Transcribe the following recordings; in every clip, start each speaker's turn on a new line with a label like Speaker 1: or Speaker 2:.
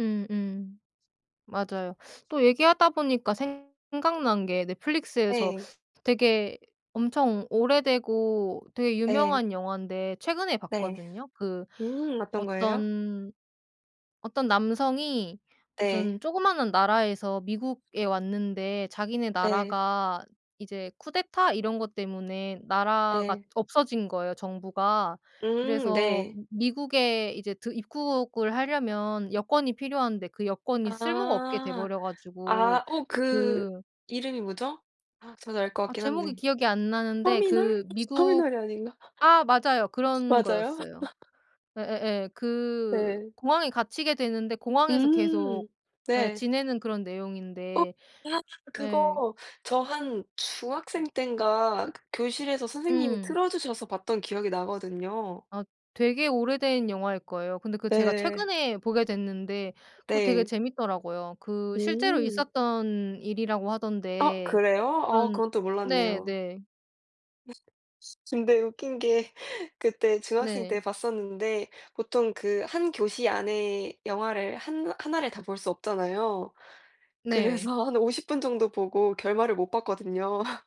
Speaker 1: 음 음 맞아요. 또 얘기하다 보니까 생각난 게 넷플릭스에서
Speaker 2: 예.
Speaker 1: 되게 엄청 오래되고 되게
Speaker 2: 네.
Speaker 1: 유명한 영환데 최근에
Speaker 2: 네.
Speaker 1: 봤거든요. 그
Speaker 2: 음 어떤 거예요?
Speaker 1: 어떤, 어떤 남성이
Speaker 2: 네.
Speaker 1: 무슨 쪼그마한 나라에서 미국에 왔는데 자기네
Speaker 2: 네.
Speaker 1: 나라가 이제 쿠데타 이런 거 때문에 나라가
Speaker 2: 네.
Speaker 1: 없어진 거예요 정부가.
Speaker 2: 음
Speaker 1: 그래서
Speaker 2: 네.
Speaker 1: 미 미국에 이제 들 입국을 하려면 여권이 필요한데 그 여권이 쓸모가 없게 돼
Speaker 2: 아.
Speaker 1: 버려 가지고
Speaker 2: 아 어
Speaker 1: 그
Speaker 2: 그 이름이 뭐죠? 아 저도 알 것
Speaker 1: 아
Speaker 2: 같긴
Speaker 1: 제목이
Speaker 2: 한데.
Speaker 1: 기억이 안 나는데
Speaker 2: 터미널?
Speaker 1: 그
Speaker 2: 혹시
Speaker 1: 미국
Speaker 2: 터미널이 아닌가?
Speaker 1: 아 맞아요. 그런
Speaker 2: 맞아요?
Speaker 1: 거였어요. 예예예. 그
Speaker 2: 네.
Speaker 1: 공항에 갇히게 되는데 공항에서 계속
Speaker 2: 음
Speaker 1: 예
Speaker 2: 네.
Speaker 1: 지내는 그런
Speaker 2: 어!
Speaker 1: 내용인데.
Speaker 2: 아
Speaker 1: 예.
Speaker 2: 그거 저 한 중학생 땐가 교실에서 선생님이
Speaker 1: 음.
Speaker 2: 틀어 주셔서 봤던 기억이 나거든요.
Speaker 1: 아 되게 오래된 영화일 거예요. 근데 그 제가
Speaker 2: 네.
Speaker 1: 최근에 보게 됐는데 그거 되게
Speaker 2: 네.
Speaker 1: 재밌더라고요. 그 실제로
Speaker 2: 음.
Speaker 1: 있었던 일이라고
Speaker 2: 어!
Speaker 1: 하던데
Speaker 2: 그래요? 어
Speaker 1: 그런
Speaker 2: 그건 또 몰랐네요.
Speaker 1: 네네.
Speaker 2: 네. 근데 웃긴 게 그때 중학생
Speaker 1: 네.
Speaker 2: 때 봤었는데 보통 그 1 교시 안에 영화를 한나 하나를 다 볼 수 없잖아요.
Speaker 1: 네.
Speaker 2: 그래서 한 50 분 정도 보고 결말을 못 봤거든요.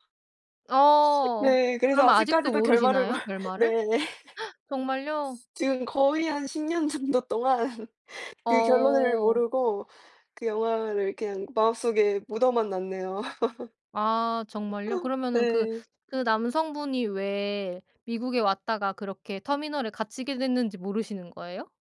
Speaker 1: 어
Speaker 2: 네. 그래서
Speaker 1: 그러면 아직도
Speaker 2: 아직까지도 결말을 몰
Speaker 1: 모르시나요 결말을?
Speaker 2: 네.
Speaker 1: 정말요?
Speaker 2: 지금 거의 한 10 년 정도 동안 그 결론을
Speaker 1: 어.
Speaker 2: 모르고 그 영화를 그냥 마음속에 묻어만 놨네요.
Speaker 1: 아 정말요? 그러면은 그,
Speaker 2: 네.
Speaker 1: 그 남성분이 왜 미국에 왔다가 그렇게 터미널에 갇히게 됐는지 모르시는 거예요?